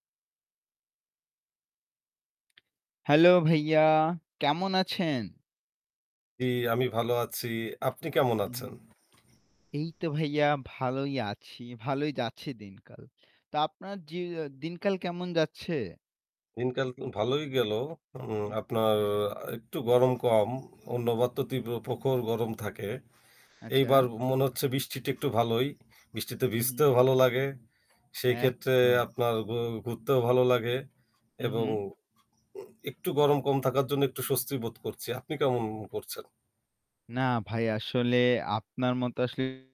Hello ভাইয়া, কেমন আছেন? জি, আমি ভালো আছি। আপনি কেমন হু, হু। আছেন? এই তো ভাইয়া ভালোই আছি, ভালোই যাচ্ছে দিনকাল। তা আপনার জিয়া দিনকাল কেমন যাচ্ছে? দিনকাল কি ভালোই গেলো। উম হু, হু। আপনার আ একটু গরম কম। অন্যবার তো উহু। তীব্র প্রখর গরম থাকে। আচ্ছা। এইবার ও মনে হচ্ছে বৃষ্টিটা একটু ভালোই। বৃষ্টিতে হু, হু। ভিজতেও ভালো লাগে। সেইক্ষেত্রে একদম। আপনার ঘু ঘুরতেও ভালো লাগে এবং উহু। উ একটু গরম কম থাকার জন্য একটু স্বস্তি বোধ করছি। আপনি কেমন অ করছেন? না ভাই আসলে আপনার মত আসলে